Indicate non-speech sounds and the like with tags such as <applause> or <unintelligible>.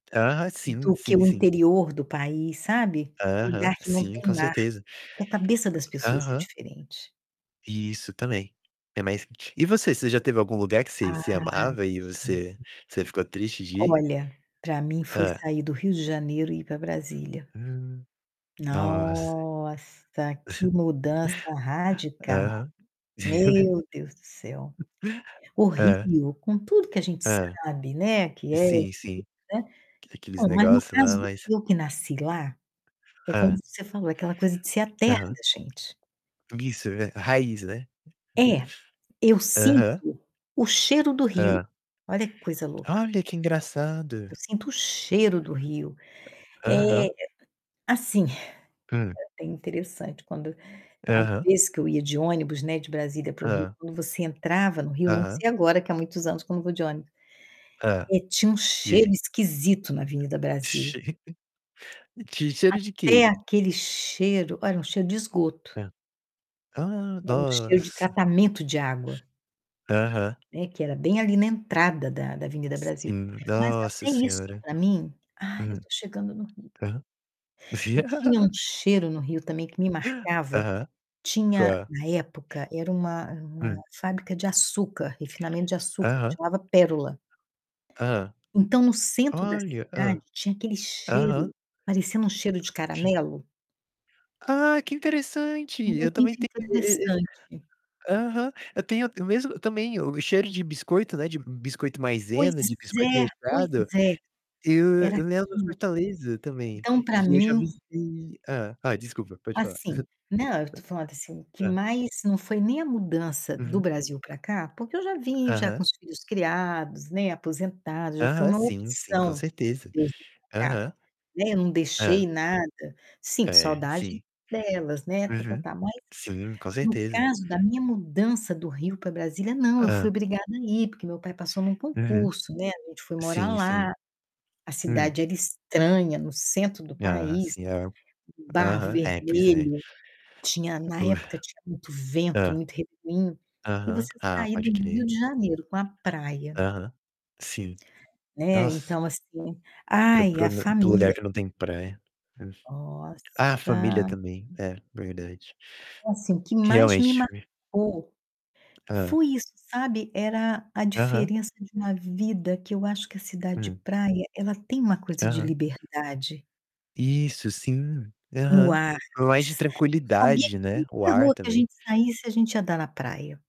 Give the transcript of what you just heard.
Ah, sim, Do que sim, o sim. interior do país, sabe, Aham, lugar que não sim, tem com mar, certeza. que a cabeça das pessoas é Aham. diferente. Isso, também. É, mas, t e você, você já teve algum lugar que Ah, você você amava e você você ficou <unintelligible> triste de ir? Olha, pra mim foi Hã? sair do Rio de Janeiro e ir pra Brasília. Hum. Nossa. Nossa, que mudança <chuckles> radical! Aham. Meu Deus do céu. <laughs> O Hã. Rio, com tudo que a gente Hã. sabe, né, que é Sim, difícil, sim. né, Aque aqueles bom, mas no negócio lá, caso, mas eu que nasci lá, é como Hã. você falou, aquela coisa de ser a terra Aham, da gente. Isso, é ver raiz, né. É, eu <chuckles> Aham. sinto o cheiro do Rio. Hã. Olha que coisa louca. Olha, que engraçado! Eu sinto o cheiro do Rio. Eh eh Aham. eh, assim, é Hã. até interessante quando às Aham. vezes que eu ia de ônibus, né, de Brasília para o Rio, Hã. quando você entrava no Rio, não Aham. sei agora, que há muitos anos que eu não vou de ônibus, Hã. eh, tinha um E cheiro aí? esquisito na Avenida Brasil. <chuckles> Tinha cheiro de Até quê? aquele cheiro olha, um cheiro de esgoto. Hã. Ah, Era um cheiro de nossa! tratamento de água. Aham. Né, que era bem ali na entrada da da Avenida Brasil. Sim Mas nossa até isso Senhora. pra mim, "Ah, eu Hum. tô chegando no Rio". Aham. E tinha um <laughs> cheiro no Rio também que me marcava. Aham. Tinha, Qual? na época, era uma uma Hum. fábrica de açúcar, refinamento de açúcar, Aham. chamava Pérola. Hã. Então, no centro da Olha! cidade, Hã. tinha aquele Aham. cheiro parecendo um cheiro de Ti caramelo. Ah, que interessante! Eu também Muito ten <unintelligible> interessante. Aham. Eu tenho o mesmo também, o cheiro de biscoito, né, de biscoito Pois Maizena, de biscoito é, pois recheado. é. Eu Era eu lembro aquilo. Fortaleza, também, Então, pra que eu já mim visitei Hã. Ah, desculpa, pode falar. Assim, não, eu tô falando, assim, <chuckles> o que Hã. mais não foi nem a mudança do Uhum. Brasil pra cá, porque eu já vim já Aham. com os filhos criados, né, aposentada, já foi Aham, uma sim, sim. Com opção certeza. eu vir pra cá, Aham. né, eu não Hã. deixei nada. Sinto É, saudade sim. delas, né, Uhum. tá-tá-tá. Mas, Sim, com no certeza. caso da minha mudança do Rio pra Brasília, não, eu fui Hã. obrigada a ir, porque meu pai passou num Uhum. concurso, né, a gente foi morar Sim, lá. sim. A Hum. cidade era estranha, no centro do Ah, país, sim, é. barro Aham. É, pois é. vermelho. Tinha, na época, tinha muito <unintelligible> vento, Hã. muito refrim. E Aham. você Ah, sair pode do Rio crer. de Janeiro com a praia Aham. Sim. Né, Nossa! então, assim: Pro "Ai, pro a na para o lugar família." que não tem praia. Hum. Ah, família Nossa também. É, verdade. Então, assim, o que mais me Realmente, v marcou Hã. foi isso, sabe. Era a Aham. diferença de uma vida, que eu acho que a cidade de Hum. praia, ela tem uma coisa de Aham. liberdade Isso, sim. no Aham. ar. Mais de S eu sabia tranquilidade, que né, o qualquer ar rua que a também. gente saísse, a gente ia dar na praia